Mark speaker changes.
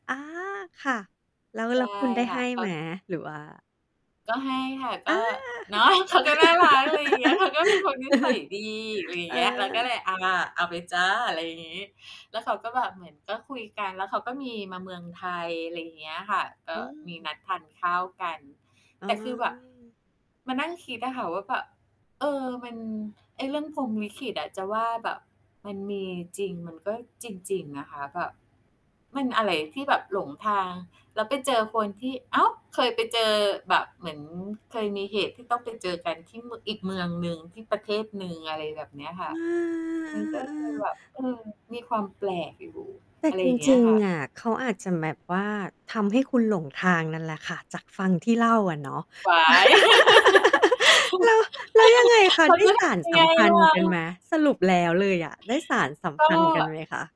Speaker 1: อา ค่ะ แล้ว
Speaker 2: ใช
Speaker 1: แล้
Speaker 2: ่
Speaker 1: วคุณได้
Speaker 2: ค
Speaker 1: ใ
Speaker 2: ่
Speaker 1: ห
Speaker 2: ะ
Speaker 1: ้
Speaker 2: เข
Speaker 1: ไ
Speaker 2: า
Speaker 1: หม? หรือว่า
Speaker 2: ก็ให้ค่ะ
Speaker 1: อ
Speaker 2: ก
Speaker 1: า
Speaker 2: ็ เนาะ เขาก็น่ารัก อะไรอย่างเงี้ย เขาก็เป็นคนนิสัยดี อะไรอย่
Speaker 1: เ
Speaker 2: า
Speaker 1: อ
Speaker 2: งเงี้ย เราก็เล
Speaker 1: อ
Speaker 2: ย "อา เอาไปจ้ะ" อะไรอย่างงี้ แล้วเขาก็แบบเหมือนก็คุยกัน แล้วเขาก็มีมาเมืองไทย อะไรอย่างเงี้ยค่ะ เอ
Speaker 1: อ
Speaker 2: ่อ
Speaker 1: ื
Speaker 2: มีน
Speaker 1: ม
Speaker 2: ัดทานข้าวกัน
Speaker 1: อ๋
Speaker 2: แต่คือแบบ
Speaker 1: อ
Speaker 2: มานั่งคิดอะค่ะว่า แบบ เออ มัน ไอ้เรื่องพรหมลิขิตอะ จะว่าแบบมันมีจริงมันก็จริง ๆ นะคะ แบบ มันอะไรที่แบบหลงทาง แล้วไปเจอคนที่ อ้าว เคยไปเจอแบบ เหมือนเคยมีเหตุที่ต้องไปเจอกันที่ ม อีกเมืองหนึ่ง ที่ประเทศหนึ่ง อะไรแบบเนี้ยค่
Speaker 1: อ
Speaker 2: ะ
Speaker 1: ื
Speaker 2: มันก็เลย
Speaker 1: อ ๆ ๆ
Speaker 2: แ
Speaker 1: ๆ
Speaker 2: บบ เออ มีความแปลกอยู่
Speaker 1: แต่
Speaker 2: อะไร
Speaker 1: จ
Speaker 2: อย่างเงี
Speaker 1: ร
Speaker 2: ้
Speaker 1: ิ
Speaker 2: ย
Speaker 1: ง
Speaker 2: ค่ะ
Speaker 1: ๆ อะ เขาอาจจะแบบว่า ทำให้คุณหลงทางนั่นแหละค่ะ จากฟังที่เล่าอะเนาะ
Speaker 2: ว๊าย
Speaker 1: แล้ว แล้วยังไงคะ
Speaker 2: เขา
Speaker 1: ได้
Speaker 2: จะ
Speaker 1: ส
Speaker 2: ท
Speaker 1: าน
Speaker 2: ำ อะ
Speaker 1: ส
Speaker 2: ไร
Speaker 1: ัมพั
Speaker 2: เร
Speaker 1: นธ์กันไ
Speaker 2: า?
Speaker 1: หม? สรุปแล้วเลยอะ ได้สานสัม
Speaker 2: ก
Speaker 1: พันธ์กัน
Speaker 2: ็
Speaker 1: ไหมคะ?